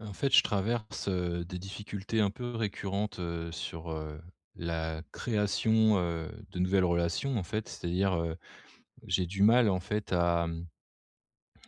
Heu, en fait je traverse, heu, des difficultés un peu récurrentes, heu, sur, heu, la création, heu, de nouvelles relations en fait. C'est-à-dire, heu, j'ai du mal, en fait, à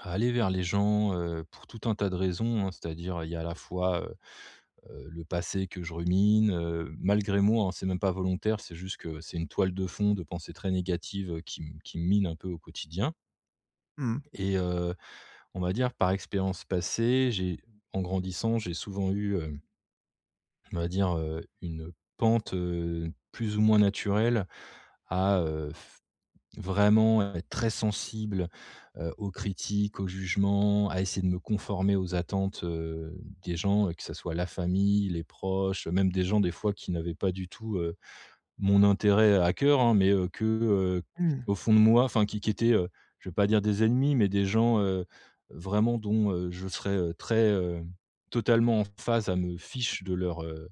à aller vers les gens, heu, pour tout un tas de raisons, hein. C'est-à-dire il y a, à la fois, heu, heu, le passé que je rumine, heu, malgré moi, hein. C'est même pas volontaire, c'est juste que, c'est une toile de fond de pensées très négatives, qui me qui me mine un peu au quotidien Mmh mh. et heu, on va dire par expérience passée, j'ai en grandissant, j'ai souvent eu, heu on va dire, heu, une pente, heu, plus ou moins naturelle à, heu, f vraiment être très sensible, heu, aux critiques, aux jugements, à essayer de me conformer aux attentes, heu, des gens. Que ce soit la famille, les proches, même des gens des fois qui n'avaient pas du tout, heu, mon intérêt à coeur, hein. Mais, heu, que, heu, Mmh. au fond de moi enfin qui qui qui était, heu, je vais pas dire des ennemis, mais des gens, heu, vraiment dont, heu, je serai, heu, très, heu totalement en phase à me fiche de leur, heu,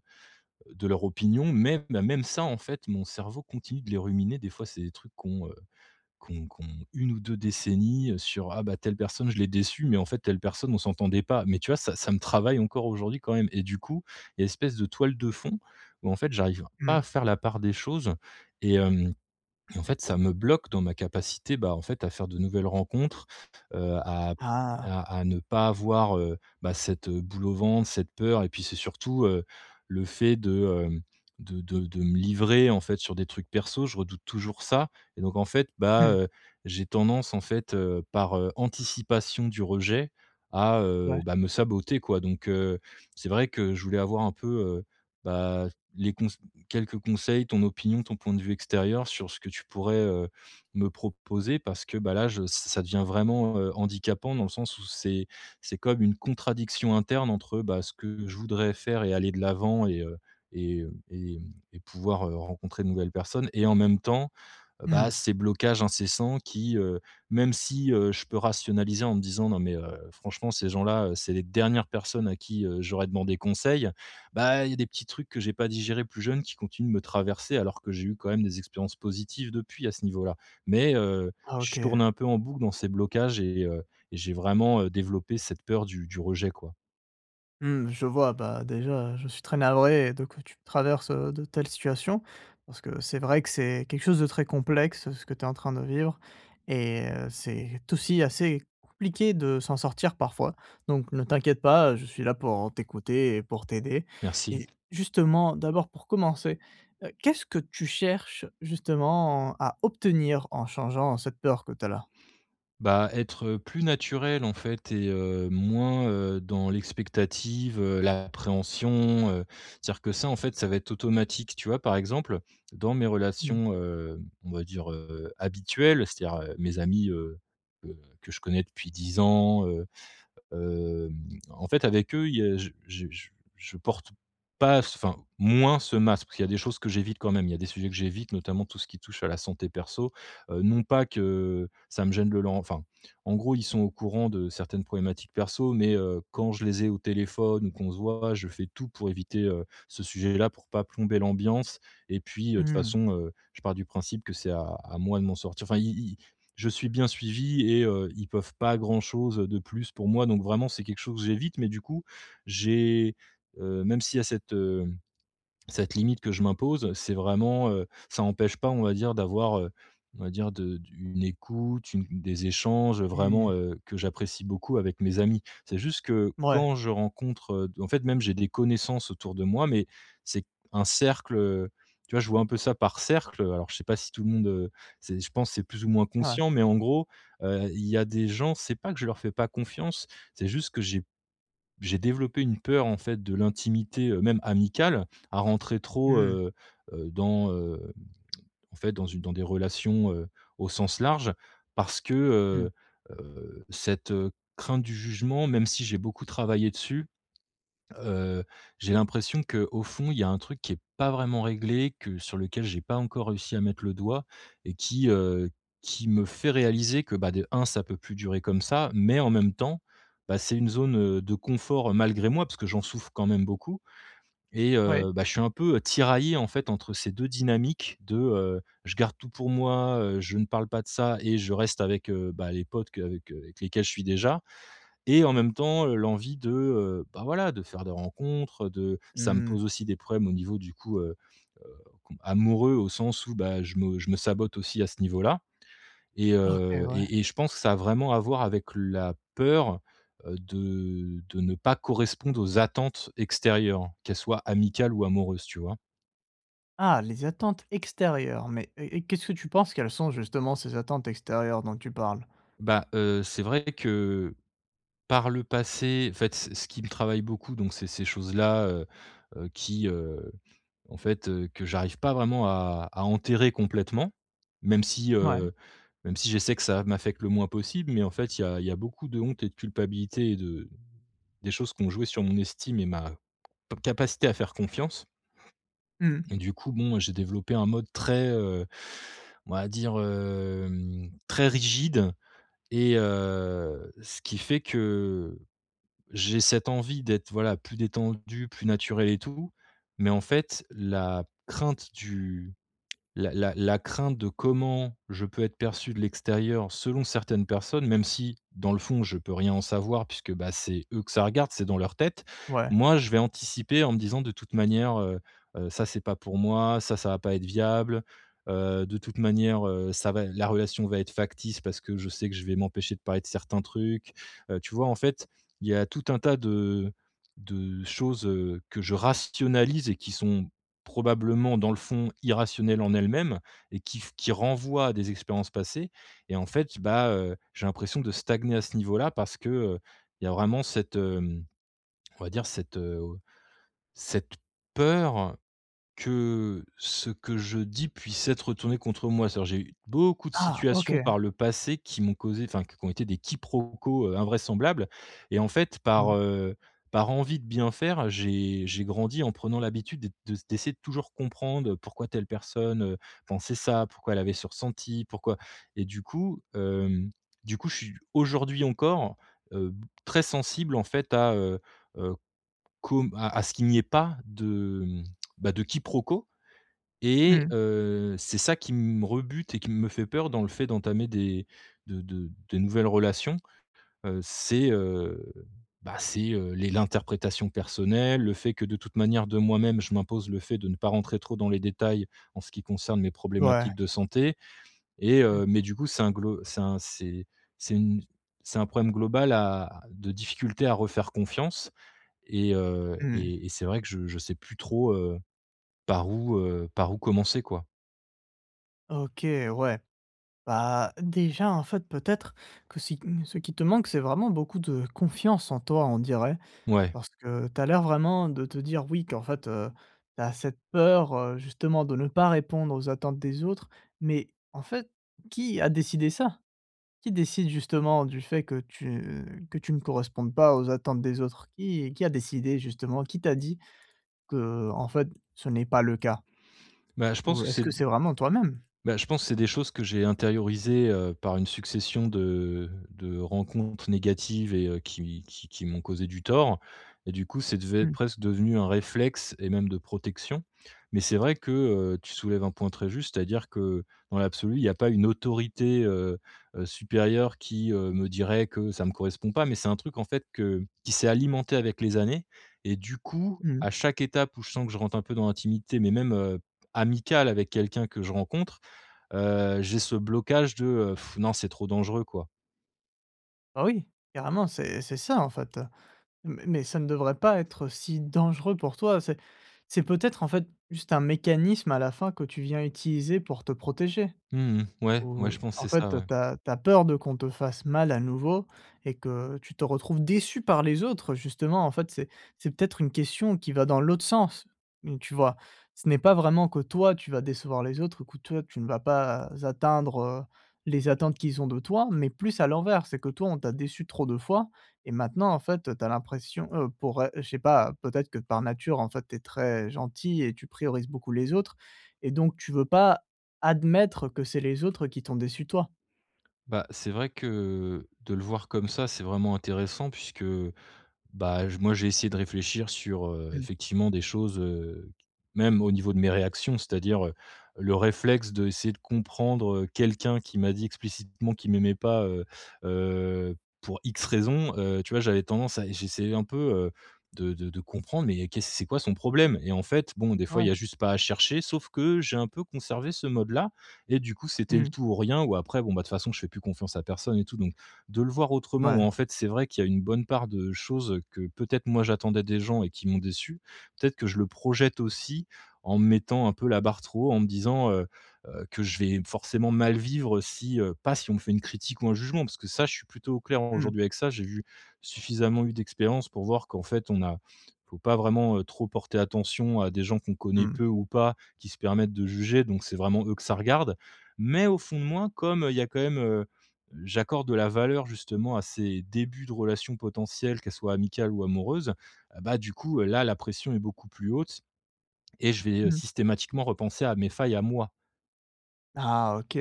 de leur opinion. Mais, même ça en fait, mon cerveau continue de les ruminer des fois c'est des trucs qu'on, heu, qu'on qu'on 1 ou 2 décennies, heu, sur, ah, bah, telle personne je l'ai déçue mais en fait telle personne on s'entendait pas. Mais tu vois ça, ça me travaille encore aujourd'hui quand même. Et du coup, il y a espèce de toile de fond, ou, en fait, j'arrive pas à Mmh. faire la part des choses et hem, en fait ça me bloque dans ma capacité, bah, en fait, à faire de nouvelles rencontres. Heu, à Ah. à à ne pas avoir, heu, bah, cette, heu, boule au ventre. Cette peur et puis c'est surtout, heu, le fait de, heu, de de me livrer en fait sur des trucs perso. Je redoute toujours ça. Et donc en fait, bah, Mmh. heu, j'ai tendance, en fait, heu, par, heu, anticipation du rejet à, heu, Ouais. bah, me saboter quoi. Donc, heu, c'est vrai que, je voulais avoir un peu, heu, bah, les cons quelques conseils, ton opinion, ton point de vue extérieur sur ce que tu pourrais, heu, me proposer. Parce que, bah, là, je ç ça devient vraiment, heu, handicapant dans le sens où c'est c'est comme une contradiction interne entre, heu, bah, ce que je voudrais faire et aller de l'avant et, heu et, heu, et et pouvoir, heu, rencontrer de nouvelles personnes. Et en même temps, Mmh bah, mh. ces blocages incessants qui, heu même si, heu, je peux rationaliser en me disant: «Non mais, heu, franchement ces gens-là, heu, c'est les dernières personnes à qui, heu, j'aurais demandé conseil». Bah, il y a des petits trucs que j'ai pas digérés plus jeunes qui continuent de me traverser. Alors que j'ai eu quand même des expériences positives depuis à ce niveau-là. Mais, heu, Ah, je OK. tourne un peu en boucle dans ces blocages et heu, et j'ai vraiment, heu, développé cette peur du du rejet, quoi. Mmh, je vois, bah déjà, heu, je suis très navré de que tu traverses, heu, de telles situations. Parce que c'est vrai que c'est quelque chose de très complexe ce que tu es en train de vivre et heu, c'est aussi assez compliqué de s'en sortir parfois. Donc ne t'inquiète pas je suis là pour, heu, t'écouter et pour t'aider. Merci! Et justement, d'abord, pour commencer, heu, qu'est-ce que tu cherches, justement, à obtenir en changeant cette peur que tu as là? Bah, être plus naturel en fait et heu et moins, heu, dans l'expectative, heu, l'appréhension, heu, c'est-à-dire que ça en fait ça va être automatique, tu vois. Par exemple, dans mes Mmh. relations, heu, on va dire, heu, habituelles, c'est-à-dire, heu, mes amis, heu, que que je connais depuis 10 ans, heu. Hem, en fait avec eux il y a je je je je porte pas, enfin moins ce masque. Parce qu'il y a des choses que j'évite quand même, il y a des sujets que j'évite notamment tout ce qui touche à la santé perso. Heu, non pas que ça me gêne de leur enfin, en gros ils sont au courant de certaines problématiques perso mais, heu, quand je les ai au téléphone ou qu'on se voit je fais tout pour éviter, heu, ce sujet là pour pas plomber l'ambiance. Et puis heu, toute Mmh. façon heu, je pars du principe que c'est à à moi de m'en sortir enfin, ils ils je suis bien suivi et heu, ils peuvent pas grand chose de plus pour moi. Donc vraiment c'est quelque chose que j'évite mais du coup j'ai heu, même s'il y a cette, hem, cette limite que je m'impose. C'est vraiment, heu, ça empêche pas on va dire d'avoir, heu, on va dire de une écoute, une des échanges, vraiment, Mmh. heu, que j'apprécie beaucoup avec mes amis. C'est juste que Ouais. quand je rencontre en fait même, j'ai des connaissances autour de moi, mais c'est un cercle tu vois, je vois un peu ça par cercle. Alors, je sais pas si tout le monde, heu, c'est, je pense c'est plus ou moins Ouais. conscient. Mais en gros, heu, il y a des gens, c'est pas que je leur fais pas confiance, c'est juste que j'ai j'ai développé une peur en fait de l'intimité, heu, même amicale, à rentrer trop, Mmh. heu, heu, dans, hem, en fait dans une dans des relations, heu, au sens large. Parce que, Mmh. heu heu, cette, heu, crainte du jugement même si j'ai beaucoup travaillé dessus. Heu, j'ai l'impression qu'au fond il y a un truc qui est pas vraiment réglé, que sur lequel j'ai pas encore réussi à mettre le doigt et qui, heu, qui me fait réaliser que, bah, de 1, ça peut plus durer comme ça, mais en même temps, bah, c'est une zone, heu, de confort malgré moi parce que j'en souffre quand même beaucoup. Et Oui. heu, bah, je suis un peu tiraillé en fait entre ces 2 dynamiques de, heu, je garde tout pour moi, heu, je ne parle pas de ça et je reste avec, heu, bah, les potes qu'avec qu'avec lesquels je suis déjà. Et en même temps, heu, l'envie de, heu, bah, voilà de faire des rencontres de ça me Mmh. pose aussi des problèmes au niveau du coup heu, heu, com amoureux au sens où, bah, je me je me sabote aussi à ce niveau-là et OK, heu, ouais. et et je pense que ça a vraiment à voir avec la peur, heu, de de ne pas correspondre aux attentes extérieures. Qu'elles soient amicales ou amoureuses, tu vois? Ah les attentes extérieures. Mais et et, qu'est-ce que tu penses quelles sont justement, ces attentes extérieures dont tu parles? Bah, heu, c'est vrai que, par le passé fait ce ce qui me travaille beaucoup donc c'est ces choses-là. Heu, heu, qui, heu, en fait, heu, que j'arrive pas vraiment à à enterrer complètement. Même si, Mouais. heu, même si j'essaie que ça m'affecte le moins possible. Mais en fait, il y a il y a beaucoup de honte et de culpabilité et de des choses qui ont joué sur mon estime et ma ca capacité à faire confiance. Mmh mh. Et du coup, bon, j'ai développé un mode très, heu, on va dire, hem, très rigide, et heu, ce qui fait que, j'ai cette envie d'être voilà plus détendu, plus naturel et tout. Mais en fait, la crainte du la la la crainte de comment je peux être perçu de l'extérieur, selon certaines personnes, même si, dans le fond je peux rien en savoir. Puisque, bah, c'est eux que ça regarde, c'est dans leur tête. Ouais. Moi je vais anticiper en me disant: «De toute manière, heu, heu, ça c'est pas pour moi ça, ça va pas être viable. Heu, de toute manière, heu, ça va la relation va être factice, parce que je sais que je vais m'empêcher de parler de certains trucs». Heu, tu vois? En fait, il y a tout un tas de de choses, heu, que je rationalise et qui sont, probablement, dans le fond, irrationnelles en elles-mêmes. Et qui f qui renvoient à des expériences passées et en fait, bah, heu, j'ai l'impression de stagner à ce niveau-là. Parce que, heu, il y a vraiment cette, hem, on va dire cette, heu, au cette peur, que, ce que je dis puisse être retourné contre moi. C'est-à-dire, j'ai eu beaucoup de Ah, OK. situations par le passé qui m'ont causé, enfin qu qui ont été des quiproquos, heu, invraisemblables. Et en fait par, Mmh. heu, par envie de bien faire j'ai j'ai grandi en prenant l'habitude d'être de d'essayer de toujours comprendre pourquoi telle personne, heu, pensait ça. Pourquoi elle avait ce ressenti. Pourquoi, et du coup, hem, du coup je suis, aujourd'hui encore, heu, b très sensible en fait à, heu, heu, comme à à ce qu'il n'y ait pas de, hem, bah, de quiproquo. Mmh Et, mh. heu, c'est ça qui me rebute et qui me fait peur dans le fait d'entamer des de de de nouvelles relations. Heu, c'est, heu, bah, c'est, heu, les l'interprétation personnelle. Le fait que de toute manière, de moi-même, je m'impose le fait de ne pas rentrer trop dans les détails, en ce qui concerne mes Ouais. problématiques de santé. Et Mmh. heu mais du coup c'est un glo c'est un c'est c'est une c'est un problème global à de difficultés à refaire confiance. Et heu, Mmh mh. et et c'est vrai que je je sais plus trop, heu, par où, heu, par où commencer quoi. OK, ouais. Bah, déjà en fait peut-être que si, mmh ce qui te manque c'est vraiment beaucoup de confiance en toi, on dirait Ouais. parce que tu as l'air vraiment de te dire oui, qu'en fait, heu, tu as cette peur, heu, justement de ne pas répondre aux attentes des autres mais, en fait, qui a décidé ça? Qui décide justement du fait que tu que tu ne correspondes pas aux attentes des autres? Qui qui a décidé justement, qui t'a dit qu'en fait ce n'est pas le cas? Bah, je pense Ou que est-ce c'est que d c'est vraiment toi-même? Bah, je pense c'est des choses que j'ai intériorisées, heu, par une succession de de rencontres négatives et, heu, qui qui qui m'ont causé du tort et du coup c'est devait, Mmh. presque devenu un réflexe et même de protection, mais c'est vrai que, heu, tu soulèves un point très juste. C'est-à-dire que, dans l'absolu, il y a pas une autorité, heu, supérieure qui, heu, me dirait que ça me correspond pas mais c'est un truc en fait que qui s'est alimenté avec les années et du coup, Mmh. à chaque étape où je sens que je rentre un peu dans l'intimité mais même, heu, amicale avec quelqu'un que je rencontre. Heu, j'ai ce blocage de, heu, non c'est trop dangereux quoi. Oh oui carrément, c'est c'est ça en fait, heu, mais mais ça ne devrait pas être si dangereux pour toi. C'est c'est peut-être en fait, juste un mécanisme à la fin que tu viens utiliser pour te protéger Mmh mh. Ouais, ouais ou je pense en c'est ça, fait, heu, ouais. tu as tu as peur de qu'on te fasse mal à nouveau et que tu te retrouves déçu par les autres justement en fait. C'est c'est peut-être une question qui va dans l'autre sens, donc tu vois? Ce n'est pas vraiment que toi tu vas décevoir les autres ou que toi tu ne vas pas atteindre, heu, les attentes qu'ils ont de toi mais plus à l'envers. C'est que toi on t'a déçu trop de fois et maintenant en fait, heu, tu as l'impression, heu, pour, heu, je sais pas, peut-être que par nature en fait tu es très gentil et tu priorises beaucoup les autres et donc tu veux pas admettre que c'est les autres qui t'ont déçu toi. Bah, c'est vrai que, de le voir comme ça, c'est vraiment intéressant puisque, heu, bah, j moi j'ai essayé de réfléchir sur, heu, Mmh. effectivement des choses, heu, même au niveau de mes réactions. C'est-à-dire, heu, le réflexe d'essayer de comprendre quelqu'un qui m'a dit explicitement qui m'aimait pas, heu, heu, pour X raisons. Heu, tu vois j'avais tendance à j'essayais un peu, heu, de de de comprendre mais y'a qu'est-ce c'est quoi son problème? Et en fait, bon, des fois il Ouais. y a juste pas à chercher sauf que, j'ai un peu conservé ce mode-là et du coup c'était le Mmh. tout ou rien ou après bon, bah, de toutes façons, je fais plus confiance à personne et tout. Donc, de le voir autrement ou Ouais. en fait c'est vrai qu'il y a une bonne part de choses, heu, que peut-être moi j'attendais des gens et qui m'ont déçu, peut-être que je le projette aussi en mettant un peu la barre trop haut, en me disant, heu, heu, que je vais forcément mal vivre, heu, si, heu pas si on me fait une critique ou un jugement parce que ça je suis plutôt au clair Mmh. aujourd'hui avec ça j'ai vu suffisamment eu d'expérience pour voir qu'en fait on a faut pas vraiment, heu, trop porter attention à des gens qu'on connaît Mmh. peu ou pas, qui se permettent de juger donc c'est vraiment eux que ça regarde. Mais au fond de moi comme, il y a quand même, heu j'accorde de la valeur justement à ces débuts de relations potentielles, qu'elles soient amicales ou amoureuses, heu, bah, du coup là, la pression est beaucoup plus haute et je vais, heu, Mmh. systématiquement repenser à mes failles à moi. Ah, OK.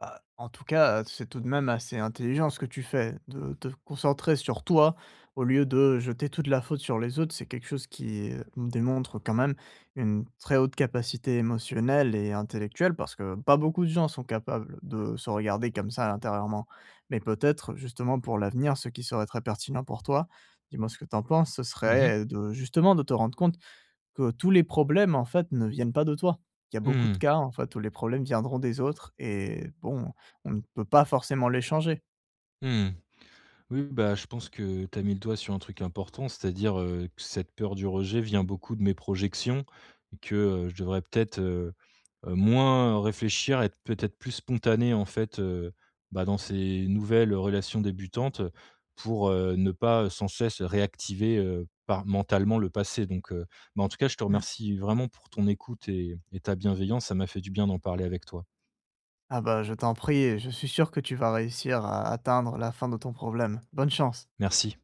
Ah, en tout cas, heu, c'est tout de même assez intelligent ce que tu fais de te concentrer sur toi au lieu de jeter toute la faute sur les autres. C'est quelque chose qui démontre quand même une très haute capacité émotionnelle et intellectuelle parce que pas beaucoup de gens sont capables de se regarder comme ça intérieurement. Mais peut-être justement pour l'avenir ce qui serait très pertinent pour toi. Dis-moi ce que tu en penses. Ce Mmh mh. serait de, justement, de te rendre compte que tous les problèmes en fait ne viennent pas de toi. Il y a beaucoup de Mmh. cas, en fait, où les problèmes viendront des autres. Et bon, on ne peut pas forcément les changer. Mmh. Oui, bah, je pense que tu as mis le doigt sur un truc important. C'est-à-dire, heu, que cette peur du rejet vient beaucoup de mes projections. Et que, heu, je devrais peut-être, heu, moins réfléchir et être peut-être plus spontané en fait, heu, bah dans ces nouvelles relations débutantes. Pour, heu, ne pas sans cesse réactiver, heu, par mentalement le passé donc, heu. Mais en tout cas je te Mmh. remercie vraiment pour ton écoute et et ta bienveillance, ça m'a fait du bien d'en parler avec toi. Ah bah, je t'en prie. Et je suis sûr que tu vas réussir à atteindre la fin de ton problème. Bonne chance. Merci.